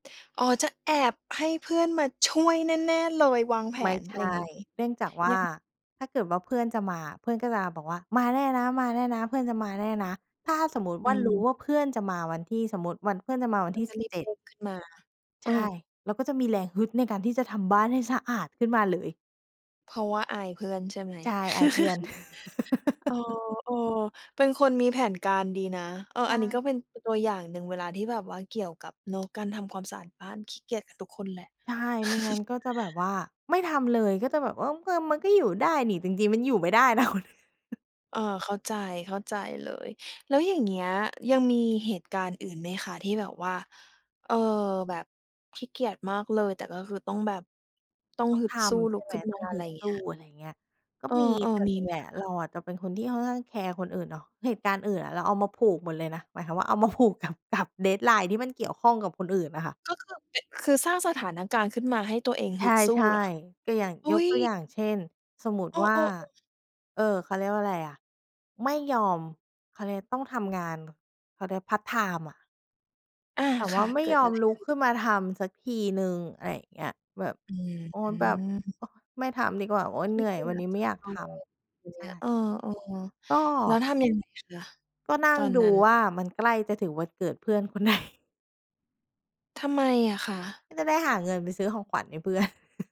อ๋อ จะแอบให้เพื่อนมาช่วยแน่ ๆ เลย วางแผไม่น ใอชะไรอย่า่ งงี้ เนื่องจากว่ยัา ง ถ้าเกิดว่าเพื่อนจะมาอะ เพื่อนก็จะบอกว่า "มาแน่นะ มาแน่นะ เพื่อนจะมาแน่นะ" ถ้าสมมุติวอื่า รู้ม ว่าเพื่อนจะมาวันที่ สมมุติวัน เพื่อนจะมาวันก็ที่ จสะิรบีเบจ็เด ด้งขึ้นมา เใชออ ่ เราก็จะมีแรงฮึดในการที่จะทำบ้านให้สะอาดขึ้นมาเลย เพราะว่าอายเพื่อนใช่ไหม? ใช่ อายเพื่อน เออ เออ เป็นคนมีแผนการดีนะ เออ ใชอันนี้ก็่ อีกเป็นตัวอย่างหนึ่ง เวลาที่แบบว่าเกี่ยวกับเนาะการทำความสะอาดบ้าน ขี้เกียจกันทุกคนแหละ ใช่ ไม่งั้นก็จะแบบว่า ไม่ทำเลย ก็จะแบบว่า "เออ มันก็อยู่ได้หนิ" จริง ๆ มันอยู่ไม่ได้ แล้ว เออ เข้าใจ เข้าใจเลย แล้วอย่างเงี้ยยังมีเหตุการณ์อื่นไหมคะที่แบบว่า เอ่อ แบบขี้เกียจมากเลย แต่ก็คือต้องแบบ ต้องต้องฮึดทสู้ำลใชุ่กไหม? ขึ้นตม้า องอฮะไึรดสเงีู้้ ย? อะไรเงี้ย ก็เอมี อ แต่ๆ มีส่วนไหใมหญ่ออะะคเระ? าอะจะเป็นคนที่ค่อนข้างแคร์คนอื่นเนาะ เหตุการณ์อื่นอะเราเอามาผูกหมดเลยนะ หมายความว่าเอามาผูก กับ กับ Deadline ที่มันเกี่ยวข้องกับคนอื่นอะค่ะ ก็คือเป็น คือสร้างสถานการณ์ขึ้นมาให้ตัวเองใฮชึดสู้่ เหรอ? ๆ ก็อย่าง อยุ๊กย ตัวอย่าง เช่น สมมุตเิอว่า อ ๆ ๆ เอ่อ เขาเรียกว่าอะไรอะ ไม่ยอม เขาเรียก ต้องทำงาน เขาเรียกพาร์ตไทม์อะ อา แต่คว่า่ะ ไม่เกิยดออะมไรลขุกึ้น? ขึ้นมาทำสักทีหนึ่ง อะไรอย่างเงี้ย แบบ อื้อโอ๊ฮย ืแบบ อ โอ๊ย ไม่ทำดีกว่า โอ๊ย ขเหนี้ื่อเยกีวัยนนจี้ไจมะ่อยากททำไรอย่างำ ใชเงี้ย เ่ ออ กๆ แล้็ วทำยังไงคะ? ก็นัต่งอนดนูั้น ว่า มันใกล้จะถึงวันเกิดเพื่อนคน ไหน ทำไมอะคะ? ก็จะได้หาเงินไปซื้อของขวัญให้ เพื่อน